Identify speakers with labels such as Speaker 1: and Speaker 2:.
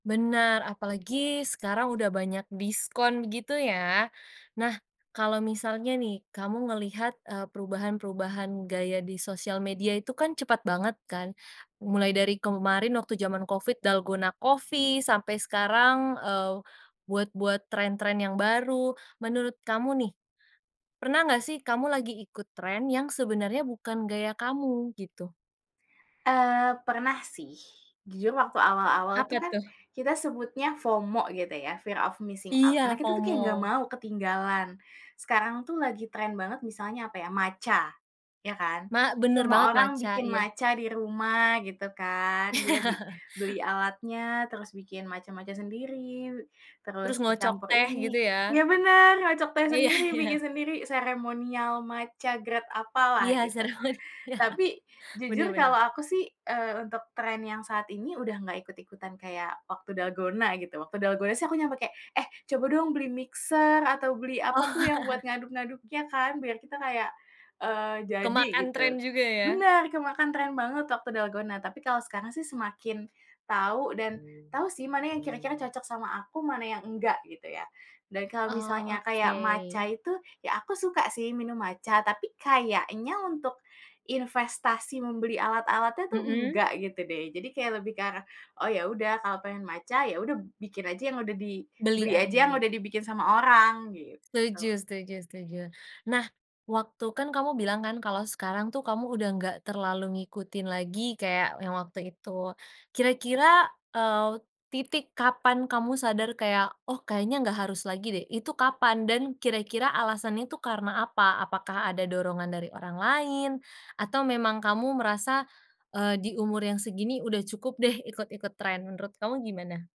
Speaker 1: Benar, apalagi sekarang udah banyak diskon gitu ya. Nah kalau misalnya nih kamu ngelihat, eee, perubahan-perubahan gaya di sosial media itu kan cepet banget kan, mulai dari kemarin waktu zaman Covid, Dalgona coffee sampai sekarang, eee, buat-buat tren-tren yang baru. Menurut kamu nih, pernah gak sih kamu lagi ikut tren yang sebenarnya bukan gaya kamu gitu?
Speaker 2: Eee, pernah sih. Jujur waktu awal-awal itu
Speaker 1: Apa
Speaker 2: kan,
Speaker 1: tuh?
Speaker 2: kita sebutnya FOMO gitu ya, fear of missing out,
Speaker 1: Iya,
Speaker 2: karena kita tuh kayak gak
Speaker 1: FOMO.
Speaker 2: mau ketinggalan. Sekarang tuh lagi tren banget misalnya, apa ya, Matcha, ya kan?
Speaker 1: Ma bener
Speaker 2: Semua
Speaker 1: banget
Speaker 2: orang
Speaker 1: Matcha,
Speaker 2: bikin
Speaker 1: iya.
Speaker 2: Matcha di rumah gitu kan, dia bi beli alatnya, terus bikin Matcha-matcha sendiri,
Speaker 1: Terus
Speaker 2: terus
Speaker 1: ngocok
Speaker 2: dicampur
Speaker 1: teh
Speaker 2: ini
Speaker 1: gitu ya?
Speaker 2: iya bener, ngocok teh
Speaker 1: Iya
Speaker 2: sendiri, bikin
Speaker 1: iya.
Speaker 2: sendiri, ceremonial Matcha grade apalah,
Speaker 1: Iya
Speaker 2: gitu.
Speaker 1: seremonial,
Speaker 2: Tapi
Speaker 1: bener
Speaker 2: jujur kalau
Speaker 1: bener.
Speaker 2: aku sih, eee, untuk tren yang saat ini udah nggak ikut-ikutan kayak waktu Dalgona gitu. Waktu Dalgona sih aku nyampe kayak, "Eh coba dong beli mixer," atau beli apa tuh
Speaker 1: Oh.
Speaker 2: yang buat ngaduk-ngaduknya kan biar kita kayak, eee, jadi
Speaker 1: Kemakan
Speaker 2: gitu.
Speaker 1: tren juga ya?
Speaker 2: Bener, kemakan tren banget waktu Dalgona tapi kalau sekarang sih semakin tahu dan tahu sih mana ya kira-kira cocok sama aku, mana yang enggak, gitu ya, dan kalau
Speaker 1: Oh,
Speaker 2: misalnya kayak Matcha
Speaker 1: oke.
Speaker 2: itu, ya aku suka sih minum Matcha tapi kayaknya untuk, investasi membeli alat-alatnya tuh
Speaker 1: Mhm.
Speaker 2: enggak, gitu deh. Jadi kayak lebih ke arah, "Oh ya udah kalau pengen Matcha, ya udah" b "bikin aja yang udah" di
Speaker 1: Beli
Speaker 2: "beli
Speaker 1: aja,
Speaker 2: aja yang
Speaker 1: iya.
Speaker 2: udah dibikin sama orang,"
Speaker 1: Setuju
Speaker 2: gitu.
Speaker 1: setuju setuju. Nah waktu kan kamu bilang kan kalau sekarang tuh kamu udah gak terlalu ngikutin lagi kayak yang waktu itu. Kira-kira, eee, titik kapan kamu sadar kayak "Oh kayaknya nggak harus lagi deh." Itu kapan dan kira-kira alasan itu karena apa? Apakah ada dorongan dari orang lain? Atau memang kamu merasa, eee, di umur yang segini udah cukup deh ikut-ikut tren, menurut kamu gimana?